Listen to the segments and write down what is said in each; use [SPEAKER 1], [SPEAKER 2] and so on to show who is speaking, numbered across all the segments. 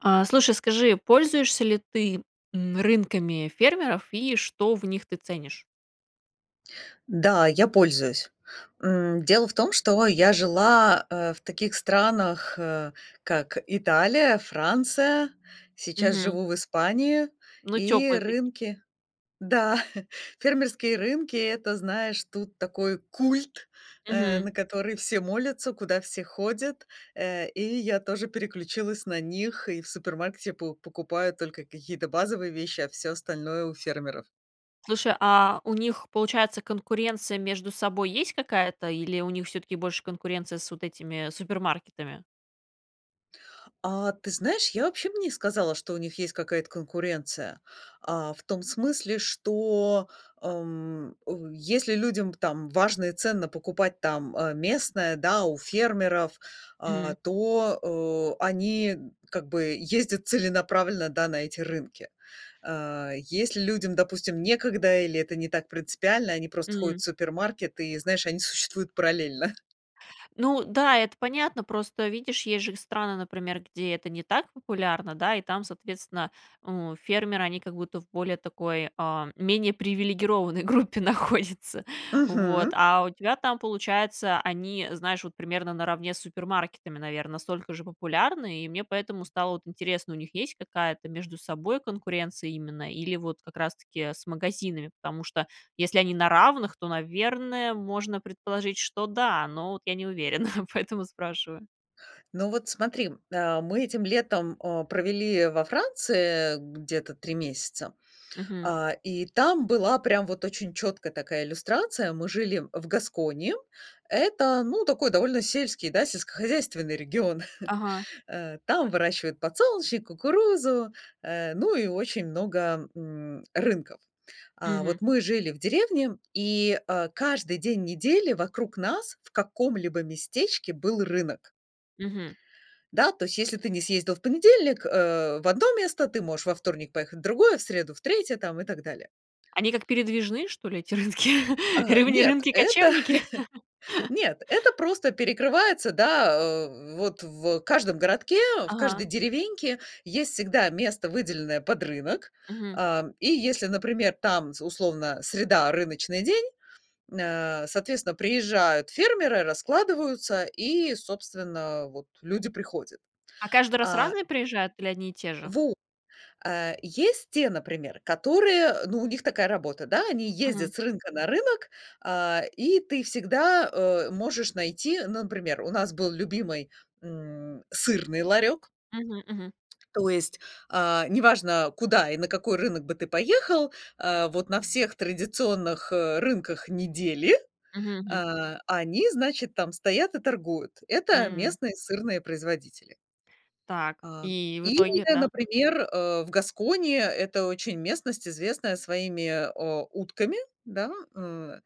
[SPEAKER 1] А, слушай, скажи, пользуешься ли ты, м, рынками фермеров и что в них ты ценишь?
[SPEAKER 2] Да, я пользуюсь. М, дело в том, что я жила, э, в таких странах, э, как Италия, Франция. Сейчас
[SPEAKER 1] Мгм.
[SPEAKER 2] живу в Испании.
[SPEAKER 1] Ну,
[SPEAKER 2] И
[SPEAKER 1] теплые таки
[SPEAKER 2] рынки Да, фермерские рынки- это, знаешь, тут такой культ, э,
[SPEAKER 1] Мгм.
[SPEAKER 2] на который все молятся, куда все ходят. Э, и я тоже переключилась на них. И в супермаркете по покупаю только какие-то базовые вещи, а всё остальное- у фермеров.
[SPEAKER 1] Слушай, а, у них, получается, конкуренция между собой есть какая-то, или у них всё-таки больше конкуренция с вот этими, супермаркетами?
[SPEAKER 2] А, ты знаешь, я вообще б не сказала, что у них есть какая-то конкуренция. А, в том смысле, что, эм, ой, если людям, там, важно и ценно покупать там, э, местное, да, у фермеров, а,
[SPEAKER 1] Мгм.
[SPEAKER 2] то, э, они н как бы ездят целенаправленно, да, на эти рынки. Э, если людям, допустим, некогда или это не так принципиально, они просто ходят
[SPEAKER 1] М.
[SPEAKER 2] в супермаркет и, знаешь, они существуют параллельно.
[SPEAKER 1] Ну да, это понятно, просто, видишь, есть же страны, например, где это не так популярно, да, и там, соответственно, у, фермеры, они как будто в более такой, а, менее привилегированной группе находятся, вот.
[SPEAKER 2] Мгм.
[SPEAKER 1] А у тебя там получается, они, знаешь, вот примерно наравне с супермаркетами, наверно, настолько же популярны, и мне поэтому стало, вот, интересно: у них есть какая-то между собой конкуренция именно или вот как раз таки с магазинами? Потому что если они на равных, то, наверное, можно предположить, что да, но вот я не уверена, поэтому спрашиваю.
[SPEAKER 2] Ну, вот смотри. А, мы этим летом, а, провели во Франции где-то 3 месяца.
[SPEAKER 1] Мгм.
[SPEAKER 2] А, и там была прям вот очень чёткая такая иллюстрация. Мы жили в Гаскони. Это, ну, такой довольно сельский, да, сельскохозяйственный регион.
[SPEAKER 1] Ага.
[SPEAKER 2] А, там выращивают подсолнечник, кукурузу, э, ну и очень много, м, рынков. А,
[SPEAKER 1] Мгм.
[SPEAKER 2] вот мы жили в деревне, и, а, каждый день недели вокруг нас в каком-либо местечке был рынок.
[SPEAKER 1] Мгм.
[SPEAKER 2] Да, то есть, если ты не съездил в понедельник, э, в 1 место, ты можешь во вторник поехать в другое, в среду в 3 там и так далее.
[SPEAKER 1] Они как передвижные, что ли, эти рынки,
[SPEAKER 2] А,
[SPEAKER 1] либо они
[SPEAKER 2] нет, это
[SPEAKER 1] рынки-кочевники?
[SPEAKER 2] нет, это просто перекрывается, да, а, вот в каждом городке, в
[SPEAKER 1] Ага.
[SPEAKER 2] каждой деревеньке есть всегда место, выделенное под рынок.
[SPEAKER 1] Мгм.
[SPEAKER 2] А, и если, например, там, з условно, среда- рыночный день, м, а, соответственно, приезжают фермеры, раскладываются, и, собственно, а, вот люди приходят.
[SPEAKER 1] А каждый раз
[SPEAKER 2] А
[SPEAKER 1] разные приезжают или одни и те же?
[SPEAKER 2] Во А есть те, например, которые, э, ну, у них такая работа, да? Они
[SPEAKER 1] Мгм.
[SPEAKER 2] ездят с рынка на рынок, а, и ты всегда, а, можешь найти, ну, например, у нас был любимый, м, сырный ларёк.
[SPEAKER 1] Мгм, мгм.
[SPEAKER 2] То есть, а, не важно, куда и на какой рынок бы ты поехал, а, вот на всех традиционных, э, рынках недели,
[SPEAKER 1] Мгм, мгм.
[SPEAKER 2] а, они, значит, там стоят и торгуют. Это
[SPEAKER 1] М.
[SPEAKER 2] местные сырные производители.
[SPEAKER 1] Так,
[SPEAKER 2] А,
[SPEAKER 1] и в
[SPEAKER 2] или,
[SPEAKER 1] итоге-то?
[SPEAKER 2] например, э, в Гаскони- это очень местность, известная своими, а, утками, да, э.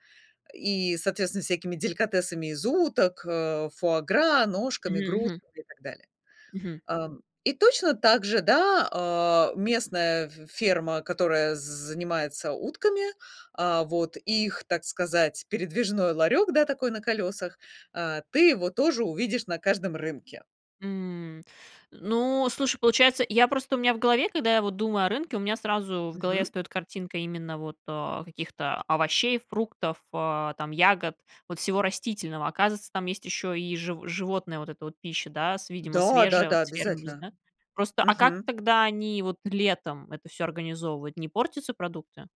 [SPEAKER 2] И, соответственно, всякими деликатесами из уток, а, фуа-гра, ножками,
[SPEAKER 1] Мгм, мгм.
[SPEAKER 2] грудками и так далее.
[SPEAKER 1] Мгм.
[SPEAKER 2] Ам, и точно так же, да, а, местная ф ферма, которая з занимается утками. А, вот, и их, так сказать, передвижной ларек, да, такой на колесах. А, ты его тоже увидишь на каждом рынке.
[SPEAKER 1] М. Ну, слушай, получается, я просто, у меня в голове, когда я вот думаю о рынке, у меня сразу в голове
[SPEAKER 2] Мгм.
[SPEAKER 1] встает картинка именно вот, а, каких-то овощей, фруктов, э, там ягод, вот всего растительного. Оказывается, там есть еще и жив животная вот эта вот пища, да, с, видимо,
[SPEAKER 2] Да, да,
[SPEAKER 1] свежая,
[SPEAKER 2] да,
[SPEAKER 1] вот с фермы вз
[SPEAKER 2] обязательно!
[SPEAKER 1] да? Просто, а как
[SPEAKER 2] Мгм.
[SPEAKER 1] тогда они вот летом это всё организовывают? Не портятся продукты?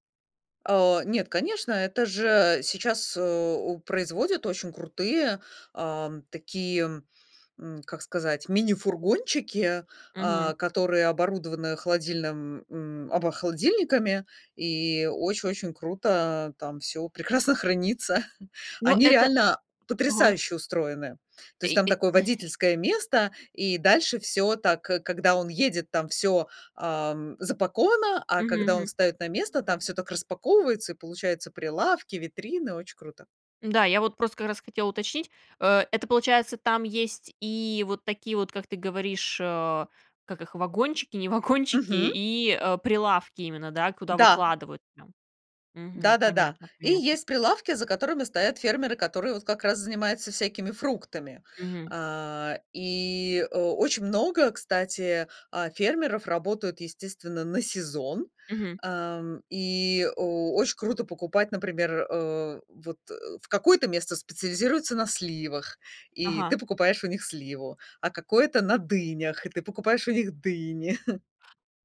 [SPEAKER 2] А, нет, конечно, это же сейчас, а, у производит очень крутые, ам, такие, м, как сказать, мини-фургончики,
[SPEAKER 1] Мгм.
[SPEAKER 2] а, которые оборудованы холодильным, м, обо холодильниками, и очень очень круто, а там всё прекрасно хранится.
[SPEAKER 1] Ну,
[SPEAKER 2] Они
[SPEAKER 1] это
[SPEAKER 2] реально
[SPEAKER 1] Ага.
[SPEAKER 2] потрясающе устроены. То есть
[SPEAKER 1] И
[SPEAKER 2] там
[SPEAKER 1] и.
[SPEAKER 2] такое водительское место, и дальше всё так: когда он едет, там всё, ам, запаковано, а
[SPEAKER 1] Мгм,
[SPEAKER 2] когда он
[SPEAKER 1] мгм.
[SPEAKER 2] встаёт на место, там всё так распаковывается, и получаются прилавки, витрины, очень круто!
[SPEAKER 1] Да, я вот просто как раз хотела уточнить, э, это получается, там есть и вот такие вот, как ты говоришь, а, как их, вагончики, не вагончики,
[SPEAKER 2] Мгм.
[SPEAKER 1] и, э, прилавки именно, да, куда
[SPEAKER 2] Да.
[SPEAKER 1] выкладывают прям? Мгм,
[SPEAKER 2] Да-да-да.
[SPEAKER 1] понятно,
[SPEAKER 2] И
[SPEAKER 1] понятно.
[SPEAKER 2] есть прилавки, за которыми стоят фермеры, которые вот как раз занимаются всякими фруктами.
[SPEAKER 1] Мгм.
[SPEAKER 2] А, и о очень много, кстати, а, фермеров работают, естественно, на сезон.
[SPEAKER 1] Мгм.
[SPEAKER 2] Ам, и о оч круто покупать, например, э, вот в какое-то место специализируется на сливах, и
[SPEAKER 1] Ага.
[SPEAKER 2] ты покупаешь у них сливу, а какое-то- на дынях, и ты покупаешь у них дыни.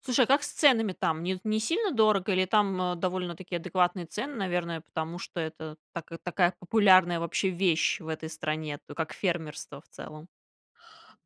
[SPEAKER 1] Слушай, а как с ценами там? Не не сильно дорого, или там, а, довольно-таки адекватные цены, наверное, потому что это така такая популярная вообще вещь в этой стране, т как фермерство в целом?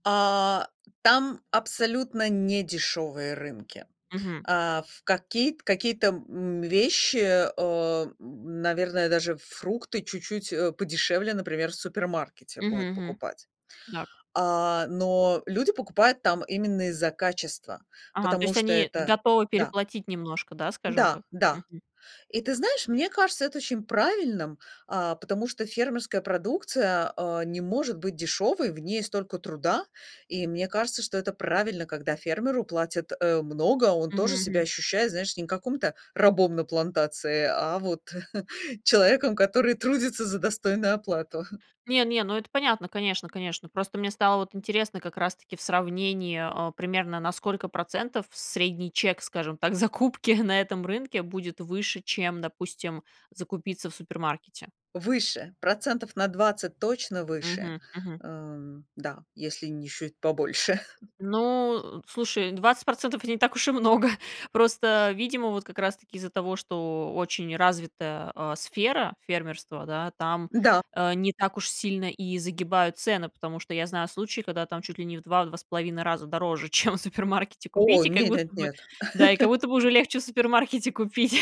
[SPEAKER 2] А, там абсолютно не дешёвые рынки.
[SPEAKER 1] Мгм.
[SPEAKER 2] А, ф какие т какие-то, м, вещи, э, наверное, даже фрукты чуть-чуть, э, подешевле, например, в супермаркете
[SPEAKER 1] Мгм,
[SPEAKER 2] будет
[SPEAKER 1] мгм.
[SPEAKER 2] покупать.
[SPEAKER 1] Так.
[SPEAKER 2] А, но люди покупают там именно из-за качества,
[SPEAKER 1] Ага, то
[SPEAKER 2] потому
[SPEAKER 1] есть
[SPEAKER 2] что
[SPEAKER 1] они
[SPEAKER 2] это
[SPEAKER 1] готовы
[SPEAKER 2] Да.
[SPEAKER 1] переплатить немножко, да? Скажем
[SPEAKER 2] Да,
[SPEAKER 1] так,
[SPEAKER 2] да.
[SPEAKER 1] мгм.
[SPEAKER 2] И ты знаешь, мне кажется это очень правильным, а, потому что фермерская продукция, а, не может быть дешёвой. В ней столько труда. И мне кажется, что это правильно, когда фермеру платят, э, много, он
[SPEAKER 1] Мгм,
[SPEAKER 2] тоже себя
[SPEAKER 1] мгм.
[SPEAKER 2] ощущает, знаешь, не каким-то рабом на плантации, а вот человеком, который трудится за достойную оплату.
[SPEAKER 1] Не не, ну это понятно, конечно конечно, просто мне стало вот интересно как раз-таки в сравнении, а, примерно на сколько процентов средний чек, скажем так, закупки на этом рынке будет выше, чем, допустим, закупиться в супермаркете?
[SPEAKER 2] Выше, процентов на 20 точно выше.
[SPEAKER 1] Мгм, мгм.
[SPEAKER 2] Эм, да, если не чуть побольше.
[SPEAKER 1] Ну, слушай, 20 % не так уж и много. Просто, видимо, вот как раз-таки из-за того, что очень развитая, а, сфера фермерства, да, там,
[SPEAKER 2] Да.
[SPEAKER 1] э, не так уж сильно и загибают цены. Потому что я знаю случаи, когда там чуть ли не в 2- 2,5 раза дороже, чем в супермаркете
[SPEAKER 2] О
[SPEAKER 1] купить. И как
[SPEAKER 2] нет нет
[SPEAKER 1] будто бы,
[SPEAKER 2] нет.
[SPEAKER 1] да и как будто уже легче в супермаркете купить,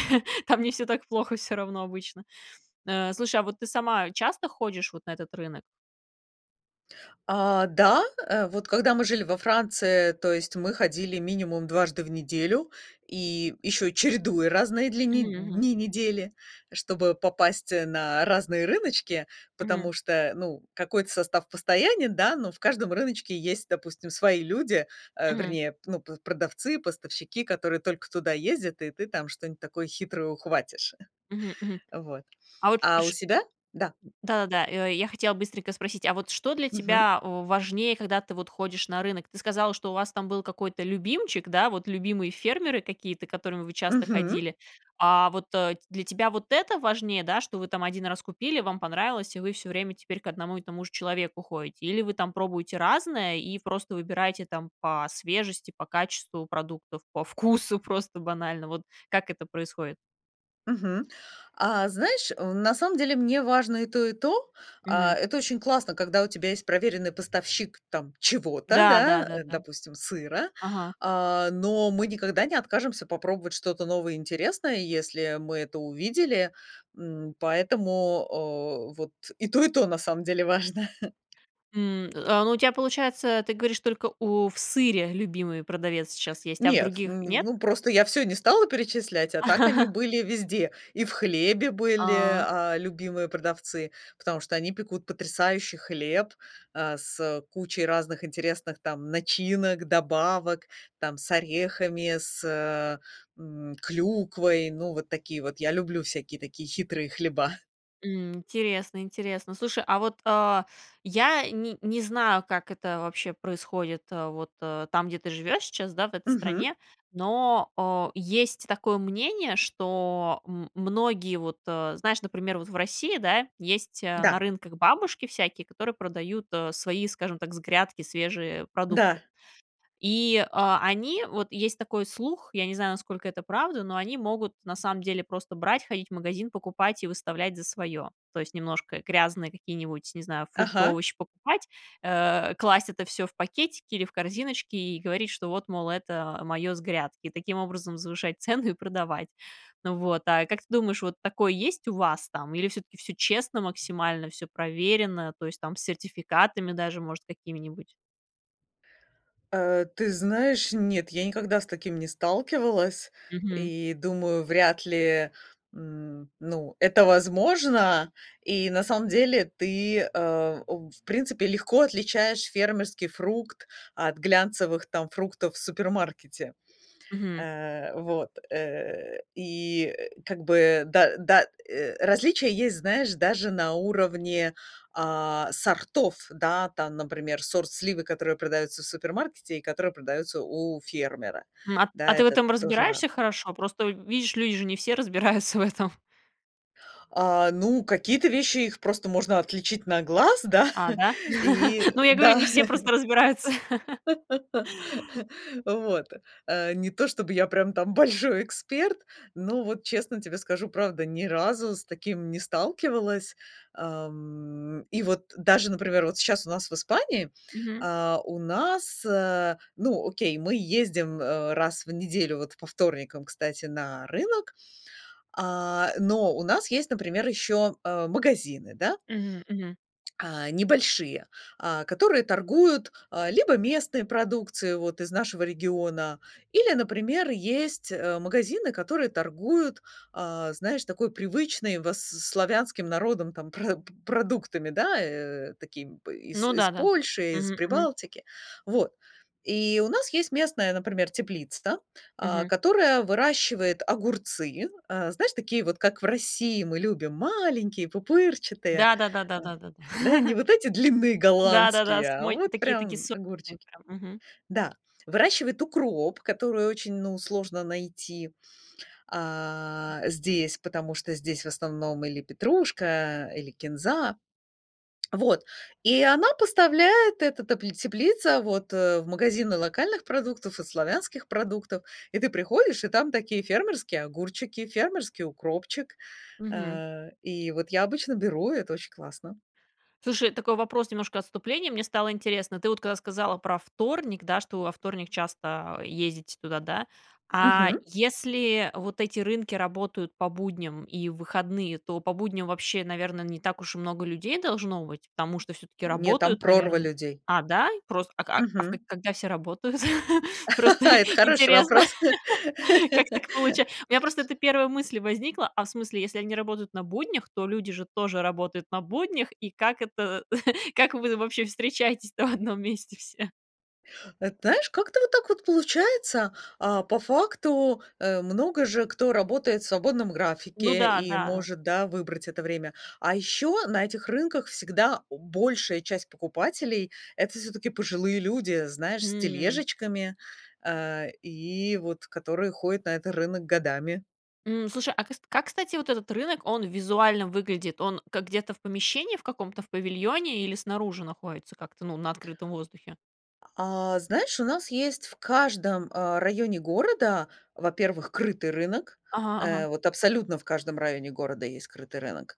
[SPEAKER 1] там не все так плохо всё равно обычно. Э, слушай, а вот ты сама часто ходишь вот на этот рынок?
[SPEAKER 2] А, да, э, вот когда мы жили во Франции, то есть мы ходили минимум дважды в неделю и ещё, чередуя разные дли нед
[SPEAKER 1] Мгм, мгм.
[SPEAKER 2] дни недели, чтобы попасть на разные рыночки.
[SPEAKER 1] Мгм.
[SPEAKER 2] Потому что, ну, какой-то состав постоянен, да, но в каждом рыночке есть, допустим, свои люди, э,
[SPEAKER 1] Мгм.
[SPEAKER 2] вернее, ну, п продавцы, поставщики, которые только туда ездят, и ты там что-нибудь такое хитрое ухватишь.
[SPEAKER 1] Мгм, мгм.
[SPEAKER 2] Вот,
[SPEAKER 1] А вот
[SPEAKER 2] а у
[SPEAKER 1] ш
[SPEAKER 2] себя Да.
[SPEAKER 1] Да-да. Э, я хотела быстренько спросить, а вот что для
[SPEAKER 2] Мгм.
[SPEAKER 1] тебя важнее, когда ты вот ходишь на рынок? Ты сказала, что у вас там был какой-то любимчик, да, вот любимые фермеры какие-то, к которым вы часто
[SPEAKER 2] Мгм.
[SPEAKER 1] ходили. А вот для тебя вот это важнее, да, что вы там 1 раз купили, вам понравилось, и вы всё время теперь к одному и тому же человеку ходите? Или вы там пробуете разное и просто выбираете там по свежести, по качеству продуктов, по вкусу просто банально, вот как это происходит?
[SPEAKER 2] Мгм. А знаешь, э, на самом деле, мне важно и то, и то. А,
[SPEAKER 1] Мгм.
[SPEAKER 2] это очень классно, когда у тебя есть проверенный поставщик там чего-то,
[SPEAKER 1] Да да
[SPEAKER 2] да,
[SPEAKER 1] да
[SPEAKER 2] э,
[SPEAKER 1] да.
[SPEAKER 2] допустим, сыра.
[SPEAKER 1] Ага.
[SPEAKER 2] А, но мы никогда не откажемся попробовать что-то новое и интересное, если мы это увидели, м, поэтому, а, вот и то, и то, на самом деле, важно.
[SPEAKER 1] М, а, ну у тя, получается, ты говоришь, только у в сыре любимый продавец сейчас есть, а в
[SPEAKER 2] Нет,
[SPEAKER 1] других
[SPEAKER 2] м,
[SPEAKER 1] нет?
[SPEAKER 2] ну, просто я всё не стала перечислять, а так они были везде. И в хлебе были,
[SPEAKER 1] А.
[SPEAKER 2] а, любимые продавцы, потому что они пекут потрясающий хлеб, а, с, э, кучей разных интересных там начинок, добавок: там с орехами, с, э, м, клюквой, ну, вот такие вот. Я люблю всякие такие хитрые хлеба.
[SPEAKER 1] М. Интересно, интересно. Слушай, а вот, а, я ни не знаю, как это вообще происходит, а, вот, а, там, где ты живешь сейчас, да, в этой
[SPEAKER 2] Мгм.
[SPEAKER 1] стране, но, а, есть такое мнение, что, м, многие вот, а, знаешь, например вот, в России, да, есть, а, на
[SPEAKER 2] Да.
[SPEAKER 1] рынках бабушки всякие, которые продают, а, свои, скажем так, с грядки свежие продукты.
[SPEAKER 2] Да.
[SPEAKER 1] И, а, они- вот есть такой слух, я не знаю, насколько это правда- но они могут, на самом деле, просто брать, ходить в магазин, покупать, и выставлять за свое. То есть, немножко грязные какие-нибудь, не знаю, фрукты,
[SPEAKER 2] Ага.
[SPEAKER 1] овощи покупать, э, класть это всё в пакетики или в корзиночки, и говорить, что, вот, мол, это мое с грядки. И таким образом завышать цену и продавать, н вот. А как ты думаешь, вот такое есть у вас, там, или, всё-таки, всё честно максимально, всё проверено, то есть, там, с сертификатами даже, может, какими-нибудь?
[SPEAKER 2] Э, ты знаешь, нет, я никогда с таким не сталкивалась
[SPEAKER 1] Мгм.
[SPEAKER 2] и, думаю, вряд ли, м, ну, это возможно. И на самом деле ты, э, у в в принципе, легко отличаешь фермерский фрукт от глянцевых там фруктов в супермаркете.
[SPEAKER 1] Мгм.
[SPEAKER 2] Э, вот. Э, и, э, как бы да да, э, различия есть, знаешь, даже на уровне, а, сортов, да. Там, например, сорт сливы, которые продаются в супермаркете и которые продаются у фермера.
[SPEAKER 1] М, а, т
[SPEAKER 2] Да,
[SPEAKER 1] а, ты в
[SPEAKER 2] это
[SPEAKER 1] этом
[SPEAKER 2] тоже
[SPEAKER 1] разбираешься
[SPEAKER 2] разное.
[SPEAKER 1] хорошо? Просто в видишь, люди же не все разбираются в этом.
[SPEAKER 2] А, ну, какие-то вещи их просто можно отличить на глаз, да.
[SPEAKER 1] А, да?
[SPEAKER 2] И
[SPEAKER 1] Ну, я говорю,
[SPEAKER 2] да
[SPEAKER 1] не все просто разбираются.
[SPEAKER 2] вот. Э, не то чтобы я прям там большой эксперт, но, вот честно тебе скажу, правда, ни разу с таким не сталкивалась. Ам, и вот даже, например, вот щас у нас в Испании,
[SPEAKER 1] Мгм.
[SPEAKER 2] а, у нас, э, ну, окей, мы ездим, э, раз в неделю, вот, по вторникам, кстати, на рынок. А, э, но у нас есть, например, ещё, э, магазины, да.
[SPEAKER 1] М, мгм.
[SPEAKER 2] А, небольшие. А, которые торгуют, а, либо местной продукцией вот из нашего региона. Или, например, есть, э, магазины, которые торгуют, а, знаешь, такой привычной вос с с славянским народам там прод продуктами, да, э, такими, э, из
[SPEAKER 1] Ну
[SPEAKER 2] из
[SPEAKER 1] да-да.
[SPEAKER 2] Польши, из
[SPEAKER 1] Мгм, мгм.
[SPEAKER 2] Прибалтики. Вот. И у нас есть местная, например, теплица, а,
[SPEAKER 1] Мгм.
[SPEAKER 2] которая выращивает огурцы. Э, знаешь, такие вот, как в России мы любим, маленькие пупырчатые.
[SPEAKER 1] Да да да да
[SPEAKER 2] А.
[SPEAKER 1] да да да.
[SPEAKER 2] Да, не вот эти длинные
[SPEAKER 1] Да да-да.
[SPEAKER 2] голландские, а
[SPEAKER 1] Самой
[SPEAKER 2] вот
[SPEAKER 1] таки такие
[SPEAKER 2] прям
[SPEAKER 1] сочные,
[SPEAKER 2] огурчики
[SPEAKER 1] прям, мгм.
[SPEAKER 2] Да. Выращивает укроп, который очень, ну, сложно найти, а, здесь, потому что здесь в основном или петрушка, а, или кинза. Вот. И она поставляет, эта т теплица, вот в магазины локальных продуктов и славянских продуктов. И ты приходишь, и там такие фермерские огурчики, фермерский укропчик.
[SPEAKER 1] Мгм.
[SPEAKER 2] А, и вот я обычно беру- это очень классно.
[SPEAKER 1] Слушай, такой вопрос, немножко отступление, мне стало интересно: ты вот когда сказала про вторник, да, что во вторник часто, э, ездите туда, да. А
[SPEAKER 2] Мгм.
[SPEAKER 1] если вот эти рынки работают по будням и в выходные, то по будням вообще, наверное, не так уж и много людей должно быть, потому что всё-таки
[SPEAKER 2] Не, там
[SPEAKER 1] работают,
[SPEAKER 2] прорва
[SPEAKER 1] наверное.
[SPEAKER 2] людей.
[SPEAKER 1] А, да? И просто, а, к а в к а
[SPEAKER 2] Мгм.
[SPEAKER 1] когда все работают? Просто и
[SPEAKER 2] Это хороший
[SPEAKER 1] интересно.
[SPEAKER 2] вопрос.
[SPEAKER 1] Как так получа У меня просто это первая мысль возникла. А в смысле, если они работают на буднях, то люди же тоже работают на буднях, и как это, э, как вы вообще встречаетесь-то в одном месте все?
[SPEAKER 2] Эт знаешь, как-то вот так вот получается. А, по факту, э, много же кто работает в свободном
[SPEAKER 1] Ну
[SPEAKER 2] графике
[SPEAKER 1] да,
[SPEAKER 2] и
[SPEAKER 1] да.
[SPEAKER 2] может, да, выбрать это время. А еще на этих рынках всегда большая часть покупателей- это, всё-таки, пожилые люди. Знаешь, с
[SPEAKER 1] М.
[SPEAKER 2] тележечками, а, и вот которые ходят на этот рынок годами.
[SPEAKER 1] М, слушай, а кас как, кстати, вот этот рынок, он визуально выглядит? Он как, где-то в помещении в каком-то, в павильоне, или снаружи находится, как-то, ну, на открытом воздухе?
[SPEAKER 2] А, знаешь, у нас есть в каждом, а, районе города, во-первых, крытый рынок.
[SPEAKER 1] Ага,
[SPEAKER 2] Э,
[SPEAKER 1] ага.
[SPEAKER 2] вот абсолютно в каждом районе города есть крытый рынок.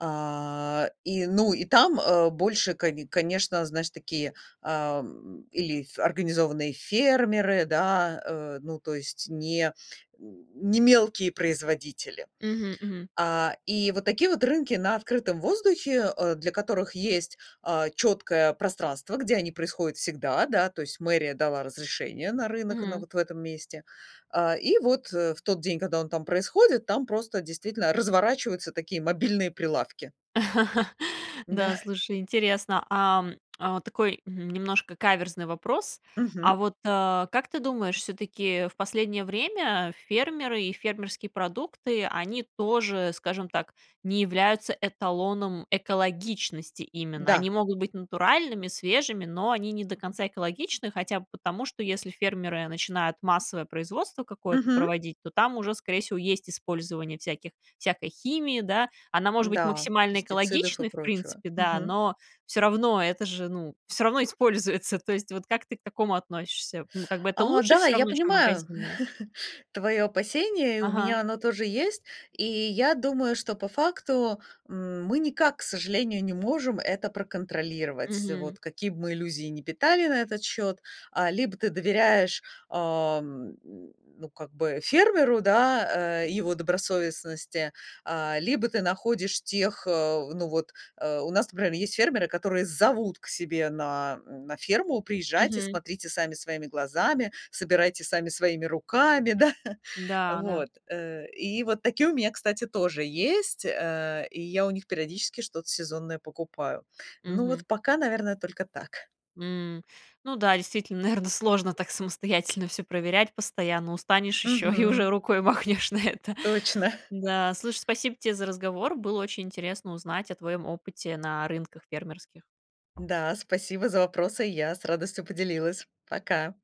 [SPEAKER 2] А, и, ну, и там, а, больше, коне конечно, знаешь, такие, ам, или ф организованные фермеры, да, э, ну, то есть не н не мелкие производители.
[SPEAKER 1] Мгм, мгм.
[SPEAKER 2] А, и вот такие вот рынки на открытом воздухе, э, для которых есть, а, четкое пространство, где они происходят всегда, да, то есть мэрия дала разрешение на рынок, на
[SPEAKER 1] Мгм.
[SPEAKER 2] вот в этом месте. А, и вот, э, в тот день, когда он там происходит, там просто действительно разворачиваются такие мобильные прилавки.
[SPEAKER 1] Да,
[SPEAKER 2] Да.
[SPEAKER 1] слушай, интересно. Ам, а вот такой, м, немножко каверзный вопрос. А
[SPEAKER 2] Мгм.
[SPEAKER 1] вот, э, как ты думаешь, всё-таки, э, в последнее время фермеры и фермерские продукты, они тоже, скажем так, не являются эталоном экологичности именно.
[SPEAKER 2] Да.
[SPEAKER 1] Они могут быть натуральными, свежими, но они не до конца экологичны хотя бы потому, что если фермеры начинают массовое производство какое-то
[SPEAKER 2] Мгм.
[SPEAKER 1] проводить, то там уже, скорее всего, есть использование всяких всякой химии, да. Она может быть
[SPEAKER 2] Да,
[SPEAKER 1] максимально
[SPEAKER 2] пестицидов и
[SPEAKER 1] экологичной, в
[SPEAKER 2] прочего.
[SPEAKER 1] принципе, да,
[SPEAKER 2] Мгм.
[SPEAKER 1] но, всё равно, это же, ну, всё равно используется, то есть, вот как ты к такому относишься, ну, как бы это
[SPEAKER 2] А,
[SPEAKER 1] лучше
[SPEAKER 2] да,
[SPEAKER 1] всё
[SPEAKER 2] я
[SPEAKER 1] равно, чем
[SPEAKER 2] понимаю
[SPEAKER 1] магазинное?
[SPEAKER 2] твое опасение, и у
[SPEAKER 1] Ага.
[SPEAKER 2] меня оно тоже есть. И я думаю, что по факту, м, мы никак, к сожалению, не можем это проконтролировать,
[SPEAKER 1] Мгм.
[SPEAKER 2] вот какие б мы иллюзии не питали на этот счет. А, либо ты доверяешь, ам, ну, как бы, фермеру, да, э, его добросовестности, а, либо ты находишь тех, э, ну, вот, э, у нас, например, есть фермеры, которые зовут к себе на, м, на ферму: "Приезжайте,
[SPEAKER 1] Мгм.
[SPEAKER 2] смотрите сами, своими глазами, собирайте сами своими руками", да.
[SPEAKER 1] Да, да.
[SPEAKER 2] Вот. Э, и вот такие у меня, кстати, тоже есть. Э, и я у них периодически что-то сезонное покупаю. Ну
[SPEAKER 1] Мгм.
[SPEAKER 2] вот пока, наверное, только так.
[SPEAKER 1] М, ну да, действительно, наверно, сложно так самостоятельно всё проверять постоянно, устанешь еще, и уже
[SPEAKER 2] Мгм.
[SPEAKER 1] рукой махнешь на это.
[SPEAKER 2] Точно.
[SPEAKER 1] Да, слушай, спасибо те за разговор. Было очень интересно узнать о твоем опыте на рынках фермерских.
[SPEAKER 2] Да. Спасибо за вопросы, я с радостью поделилась. Пока!